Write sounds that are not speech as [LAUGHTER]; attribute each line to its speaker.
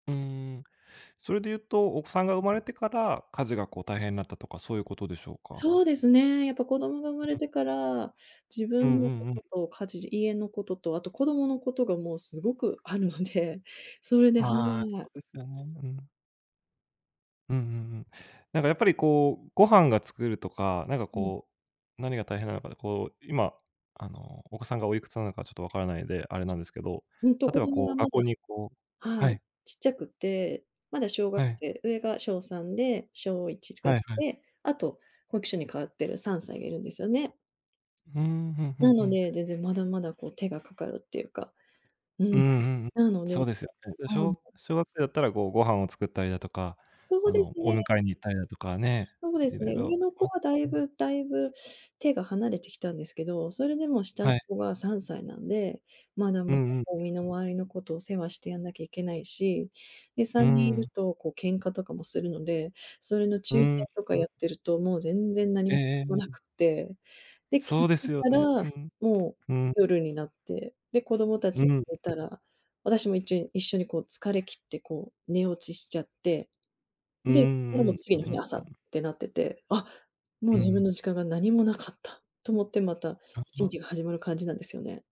Speaker 1: うーん、それで言うと、お子さんが生まれてから、家事が、こう、大変になったとか、そういうことでしょうか？
Speaker 2: そうですね、やっぱ、子どもが生まれ
Speaker 1: うん。
Speaker 2: てから、自
Speaker 1: うん
Speaker 2: 分
Speaker 1: う
Speaker 2: の
Speaker 1: ん
Speaker 2: こ
Speaker 1: うん。
Speaker 2: とと家事、家のことと、あと、子どものことが、もう、すごくあるので、それで、は
Speaker 1: ああ、そ
Speaker 2: い。
Speaker 1: うですよね。うん。うんうんうん。なんか、やっぱり、こう、ご飯が作るとか、なんか
Speaker 2: うん。
Speaker 1: こう、何が大変なのか、こう、今あのお子さんがおいくつなのかちょっとわからないので、あれなんですけど。
Speaker 2: うんと、
Speaker 1: 例え
Speaker 2: 子
Speaker 1: ば、
Speaker 2: 供
Speaker 1: こう、
Speaker 2: がま
Speaker 1: 学校
Speaker 2: だ、
Speaker 1: に、こう、は
Speaker 2: はい。
Speaker 1: い。
Speaker 2: ちっちゃくて、まだ小
Speaker 1: は
Speaker 2: 学
Speaker 1: い。
Speaker 2: 生、上が小3で小1違っ
Speaker 1: はいはい。
Speaker 2: て、あと保育所に通ってる3歳がいるんですよね。
Speaker 1: ふーん、ふんふん
Speaker 2: な
Speaker 1: ふ
Speaker 2: の
Speaker 1: ん。
Speaker 2: で、全然、まだまだ、こう、手がかかるっていうか、う
Speaker 1: うーん、
Speaker 2: ん、
Speaker 1: うんうん。
Speaker 2: なので、
Speaker 1: そうですよね。
Speaker 2: うん。
Speaker 1: 小小学生だったら、こう、ご飯を作ったりだとか、
Speaker 2: そう
Speaker 1: あ
Speaker 2: で
Speaker 1: の、
Speaker 2: す
Speaker 1: お
Speaker 2: ね。
Speaker 1: 迎えに行ったりだとかね、
Speaker 2: そうで
Speaker 1: い
Speaker 2: す
Speaker 1: ろい
Speaker 2: ね、
Speaker 1: ろ、。
Speaker 2: 上の子は大
Speaker 1: [UNINTELLIGIBLE]
Speaker 2: 分大分、手が離れてきたんですけど、それでも下の
Speaker 1: はい。
Speaker 2: 子が3歳なんで、まだ
Speaker 1: う
Speaker 2: まだ、
Speaker 1: んうん。
Speaker 2: こう、身の回りの事、お世話してやんなきゃいけないし、で、
Speaker 1: う
Speaker 2: さ
Speaker 1: ー
Speaker 2: んにんいる
Speaker 1: ん。
Speaker 2: とこう喧嘩とかもするので、それの仲
Speaker 1: うー
Speaker 2: 裁
Speaker 1: ん、
Speaker 2: とか
Speaker 1: うん
Speaker 2: やってると、もう全然何
Speaker 1: ええ
Speaker 2: も [UNINTELLIGIBLE]
Speaker 1: えええ
Speaker 2: な
Speaker 1: え。
Speaker 2: くて、で、気
Speaker 1: そ
Speaker 2: づ
Speaker 1: うです
Speaker 2: い
Speaker 1: よ
Speaker 2: た
Speaker 1: ね。う
Speaker 2: ら、
Speaker 1: ん。
Speaker 2: もう、
Speaker 1: うん。
Speaker 2: 夜になって、で、子供
Speaker 1: う
Speaker 2: 達が
Speaker 1: ん。
Speaker 2: 寝たら、私も一応、一緒に、こう、疲れ切って、こう、寝落ちしちゃって、
Speaker 1: うーん、
Speaker 2: で、そしたら、も
Speaker 1: う
Speaker 2: う
Speaker 1: ん。うう
Speaker 2: 次の日の
Speaker 1: ん
Speaker 2: 朝
Speaker 1: う
Speaker 2: っ
Speaker 1: ん。
Speaker 2: てなってて、あ、もう
Speaker 1: う
Speaker 2: 自分の
Speaker 1: ん。
Speaker 2: 時間が何もなかったと思って、また
Speaker 1: あ
Speaker 2: いちに
Speaker 1: あ。
Speaker 2: ちが始まる感じなんですよね。